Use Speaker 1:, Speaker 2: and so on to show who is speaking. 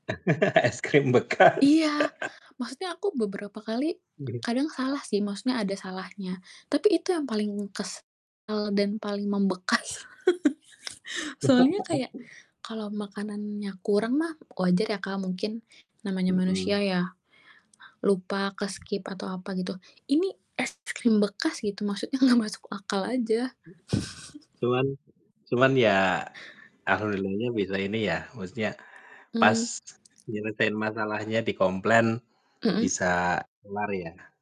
Speaker 1: Es krim bekas.
Speaker 2: Iya, maksudnya aku beberapa kali, kadang salah sih, maksudnya ada salahnya, tapi itu yang paling kesel dan paling membekas. Soalnya kayak, kalau makanannya kurang mah wajar ya, Kak, mungkin namanya manusia
Speaker 1: Mhm.
Speaker 2: ya, lupa ke-skip atau apa gitu. Ini es krim bekas gitu, maksudnya nggak masuk akal aja.
Speaker 1: Cuman cuman ya alhamdulillahnya bisa ini ya, maksudnya, pas
Speaker 2: Mmm.
Speaker 1: nyeritain masalahnya dikomplain
Speaker 2: Mhm.
Speaker 1: bisa kelar ya.